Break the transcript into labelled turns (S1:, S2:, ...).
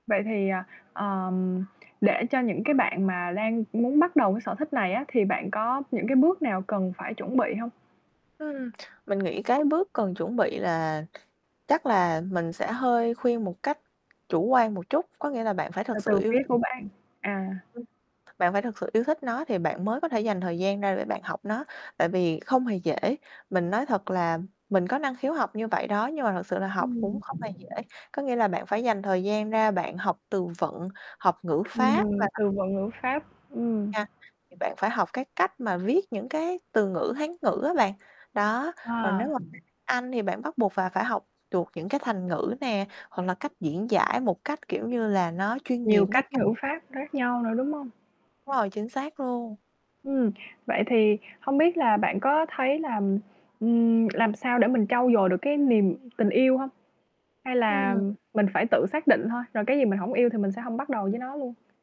S1: Vậy thì, à, ờm, để cho những cái bạn mà đang muốn bắt đầu cái sở thích này á thì bạn có những cái bước nào cần phải chuẩn bị hông?
S2: Ừm, mình nghĩ cái bước cần chuẩn bị là chắc là mình sẽ hơi khuyên một cách chủ quan một chút, có nghĩa là bạn phải
S1: Từ
S2: thực
S1: từ
S2: sự yêu
S1: phía
S2: th
S1: của bạn, à.
S2: Ừm, bạn phải thực sự yêu thích nó thì bạn mới có thể dành thời gian ra để bạn học nó, tại vì không hề dễ. Mình nói thật là mình có năng khiếu học như vậy đó nhưng mà thật sự là học cũng
S1: Ừm.
S2: không hề dễ. Có nghĩa là bạn phải dành thời gian ra bạn học từ vựng, học ngữ pháp và
S1: Ừm,
S2: [unintelligible]
S1: từ vựng, ngữ pháp, ừm.
S2: nha, thì bạn phải học cái cách mà viết những cái từ ngữ Hán ngữ á bạn, đó còn nếu
S1: À.
S2: mà [unintelligible] Anh thì bạn bắt buộc phà phải học được những cái thành ngữ nè, hoặc là cách diễn giải một cách, kiểu như là, nó chuyên nghiệp
S1: Nhiều
S2: nó
S1: cách ngữ pháp khác nhau nữa, đúng hông?
S2: Đúng rồi, chính xác luôn.
S1: Ừm, vậy thì không biết là bạn có thấy là, ừm, làm sao để mình trau dồi được cái niềm tình yêu hông? Hay là
S2: Ừm.
S1: mình phải tự xác định thôi, rồi cái gì mình hổng yêu thì mình sẽ hông bắt đầu với nó luôn.